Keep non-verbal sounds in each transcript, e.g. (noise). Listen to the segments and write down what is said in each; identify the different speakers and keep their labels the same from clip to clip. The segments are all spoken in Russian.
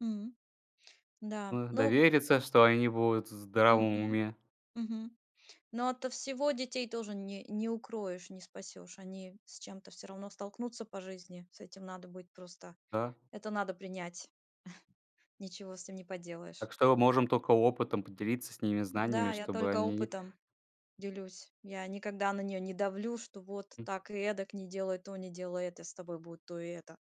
Speaker 1: М. Да.
Speaker 2: Э,
Speaker 1: Ну
Speaker 2: довериться, что они будут в здравом
Speaker 1: Мгм,
Speaker 2: уме.
Speaker 1: мгм. Но ото всего детей тоже не не укроешь, не спасёшь. Они с чем-то, всё равно, столкнутся по жизни. С этим надо быть просто,
Speaker 2: Да.
Speaker 1: это надо принять. (chuckles) Ничего с этим не поделаешь.
Speaker 2: Так что, мы можем тока опытом поделиться с ними, знаниями,
Speaker 1: М-да, я
Speaker 2: чтобы
Speaker 1: только
Speaker 2: они
Speaker 1: опытом, делюсь. Я никогда на неё не давлю, что вот,
Speaker 2: М.
Speaker 1: так и эдак, не делай то, не делай это, с тобой будет то и это.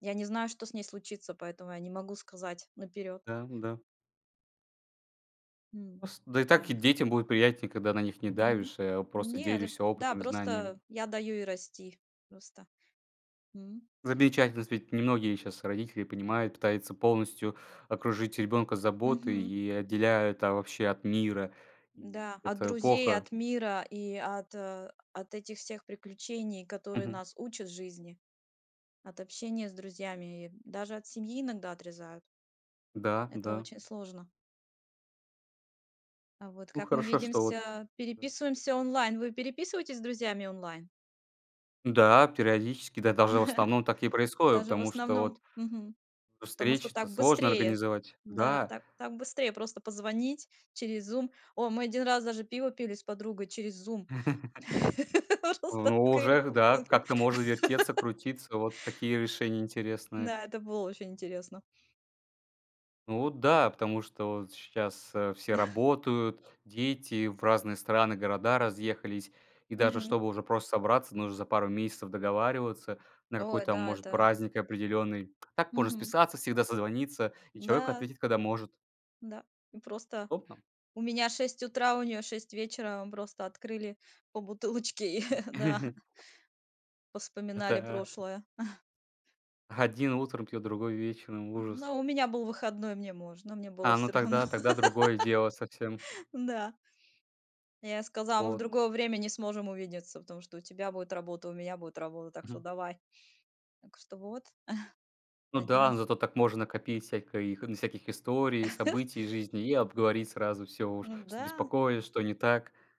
Speaker 1: Я не знаю, что с ней случится, поэтому я не могу сказать наперёд.
Speaker 2: Да, м-да.
Speaker 1: М.
Speaker 2: Пост да и так и
Speaker 1: Да.
Speaker 2: детям будет приятнее, когда на них не
Speaker 1: Мгм,
Speaker 2: давишь, а просто
Speaker 1: нет и
Speaker 2: делишься
Speaker 1: Да
Speaker 2: опытом и знанием.
Speaker 1: просто, я даю ей расти, просто. М.
Speaker 2: Замечательно, с ведь немногие щас родители понимают, пытаются полностью окружить ребенка заботой
Speaker 1: Мгм.
Speaker 2: и отделяют, а, вообще, от мира. И
Speaker 1: М-да. От
Speaker 2: это
Speaker 1: друзей, и
Speaker 2: плохо.
Speaker 1: от мира и от, э, от этих всех приключений, которые
Speaker 2: Мгм.
Speaker 1: нас учат жизни, от общения с друзьями и, м, даже от семьи иногда отрезают.
Speaker 2: Да,
Speaker 1: Это
Speaker 2: да.
Speaker 1: очень сложно. А вот
Speaker 2: Ну,
Speaker 1: как мы
Speaker 2: хорошо, что вот
Speaker 1: видимся? Переписываемся онлайн. Вы переписываетесь с друзьями онлайн?
Speaker 2: М-да, периодически, да, даже, в
Speaker 1: (chuckles)
Speaker 2: основном, так и происходит,
Speaker 1: Даже в
Speaker 2: потому что вот
Speaker 1: основном, мгм,
Speaker 2: ну
Speaker 1: потому что
Speaker 2: встречи-то
Speaker 1: так
Speaker 2: сложно
Speaker 1: быстрее.
Speaker 2: организовать.
Speaker 1: Да,
Speaker 2: Да.
Speaker 1: так, так быстрее просто позвонить через Zoom. О, мы один раз, даже, пиво пили с подругой через Zoom.
Speaker 2: (chuckles)
Speaker 1: (laughs)
Speaker 2: В
Speaker 1: Просто
Speaker 2: но,
Speaker 1: открыли
Speaker 2: уже к
Speaker 1: по
Speaker 2: да,
Speaker 1: бутылке.
Speaker 2: как-то можно вертеться,
Speaker 1: (laughs)
Speaker 2: крутиться. Вот такие решения интересные.
Speaker 1: Н-да, это было очень интересно.
Speaker 2: Ну вот да, потому что вот щас, э, все
Speaker 1: (chuckles)
Speaker 2: работают, дети в разные страны, города разъехались. И, даже,
Speaker 1: Мгм.
Speaker 2: чтобы уже просто собраться, нужно за пару месяцев договариваться на
Speaker 1: Ой,
Speaker 2: какой-то,
Speaker 1: да,
Speaker 2: может,
Speaker 1: это
Speaker 2: праздник определенный. А так можно
Speaker 1: Мгм.
Speaker 2: списаться, всегда созвониться, и человек
Speaker 1: М-да.
Speaker 2: ответит, когда может.
Speaker 1: Да. Мы просто,
Speaker 2: Удобно.
Speaker 1: у меня 6 утра, у неё 6 вечера. Мы просто открыли по бутылочке и да
Speaker 2: (chuckles)
Speaker 1: повспоминали
Speaker 2: Это
Speaker 1: прошлое. (chuckles)
Speaker 2: один утром пьет, другой вечером. Ужас!
Speaker 1: Ну, у меня был выходной, мне можно, мне было
Speaker 2: А, ну
Speaker 1: всё равно.
Speaker 2: тогда, тогда другое дело совсем.
Speaker 1: (laughs) Н-да. Я сказала: "Мы в
Speaker 2: Вот.
Speaker 1: другое время не сможем увидеться, потому что у тебя будет работа, у меня будет работа. Так что
Speaker 2: Мгм.
Speaker 1: давай!". Так что вот, (chuckles)
Speaker 2: Ну да,
Speaker 1: один из
Speaker 2: ну зато так можно накопить всякой, ну всяких историй и
Speaker 1: (chuckles)
Speaker 2: событий из жизни и обговорить сразу всё уж,
Speaker 1: Ну
Speaker 2: что
Speaker 1: да.
Speaker 2: беспокоит, что не так.